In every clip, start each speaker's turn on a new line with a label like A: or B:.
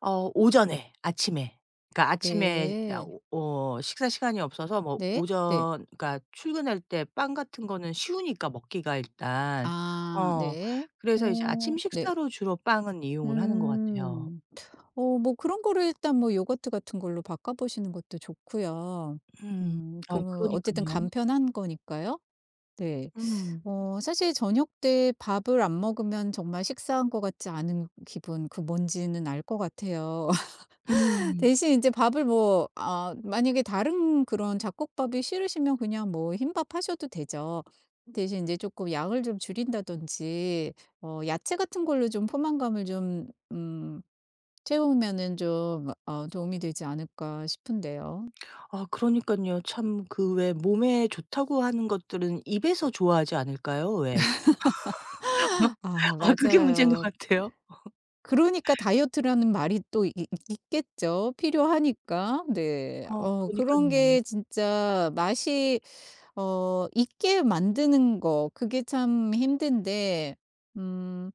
A: 어 오전에 아침에, 그러니까 아침에 야
B: 네.
A: 오 어 식사 시간이 없어서 뭐
B: 네. 네.
A: 오전 그러니까 출근할 때 빵 같은 거는 쉬우니까 먹기가 일단.
B: 아
A: 어
B: 네.
A: 그래서 이제
B: 어
A: 아침
B: 네.
A: 식사로 주로 빵은 이용을 하는 것 같아요.
B: 음. 어 뭐 그런 거를 일단 요구르트 같은 걸로 바꿔보시는 것도 좋고요.
A: 음
B: 음
A: 아
B: 그리고 어쨌든
A: 그러니깐요.
B: 간편한 거니까요. 네.
A: 음.
B: 어 사실 저녁때 밥을 안 먹으면 정말 식사한 거 같지 않은 기분 그 뭔지는 알 거 같아요.
A: 음.
B: 대신 인제 밥을 뭐 아 만약에 다른 그런 잡곡밥이 싫으시면 그냥 뭐 흰밥 하셔도 되죠. 대신 인제 쪼끔 양을 좀 줄인다든지 어 야채 같은 걸로 좀 포만감을 좀 음 채우면은 좀 어 도움이 되지 않을까 싶은데요.
A: 아 그러니깐요. 참 그 왜 몸에 좋다고 하는 것들은 입에서 좋아하지 않을까요 왜?
B: 아
A: 아 그게 문제인 것
B: 맞아요.
A: 같아요.
B: 그러니까 다이어트라는 말이 또 있 있 있겠죠 필요하니까. 네.
A: 아
B: 어 그런
A: 그러니깐요.
B: 게 진짜 맛이 어 있게 만드는 거 그게 참 힘든데 음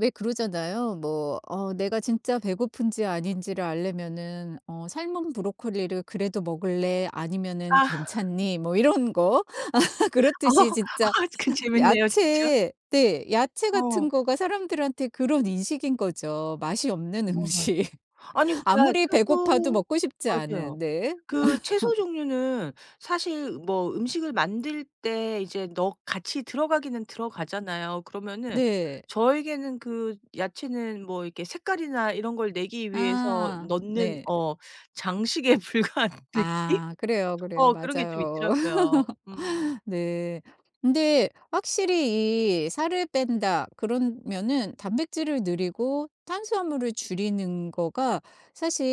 B: 왜 그러잖아요. 뭐 어 내가 진짜 배고픈지 아닌지를 알려면은 어 삶은 브로콜리를 그래도 먹을래 아니면은
A: 아.
B: 괜찮니 뭐 이런 거. 그렇듯이 진짜
A: 아 그 재밌네요, 진짜.
B: 야채, 네 야채
A: 어.
B: 같은 거가 사람들한테 그런 인식인 거죠 맛이 없는
A: 어 맞아요.
B: 음식.
A: 아니 그러니까
B: 아무리 배고파도
A: 채소
B: 먹고 싶지
A: 맞아요.
B: 않은. 네.
A: 그 채소 종류는 사실 뭐 음식을 만들 때 이제 넣 같이 들어가기는 들어가잖아요. 그러면은
B: 네.
A: 저에게는 그 야채는 뭐 이렇게 색깔이나 이런 걸 내기 위해서
B: 아
A: 넣는
B: 네.
A: 어 장식에 불과한 느낌?
B: 아 그래요, 그래요.
A: 어 그런 게 좀
B: 맞아요.
A: 있더라고요. 음.
B: 네. 근데 확실히 이 살을 뺀다 그러면은 단백질을 늘이고 탄수화물을 줄이는 거가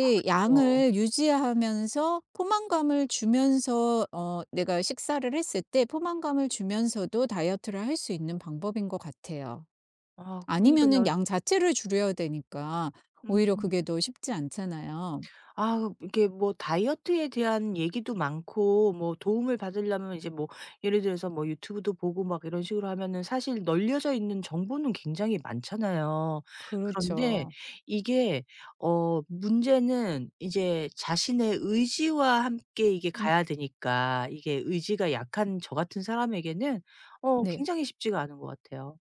A: 아 그쵸.
B: 양을 유지하면서 포만감을 주면서 어 내가 식사를 했을 때 포만감을 주면서도 다이어트를 할 수 있는 방법인 거 같아요.
A: 아
B: 아니면은
A: 그러니깐요.
B: 양 자체를 줄여야 되니까 오히려
A: 음.
B: 그게 더 쉽지 않잖아요.
A: 아 이렇게 뭐 다이어트에 대한 얘기도 많고 뭐 도움을 받으려면 이제 뭐 예를 들어서 뭐 YouTube도 보고 막 이런 식으로 하면은 사실 널려져 있는 정보는 굉장히 많잖아요. 그런데
B: 그렇죠.
A: 이게 어 문제는 이제 자신의 의지와 함께 이게
B: 음.
A: 가야 되니까 이게 의지가 약한 저 같은 사람에게는 어
B: 네.
A: 굉장히 쉽지가 않은 것 같아요.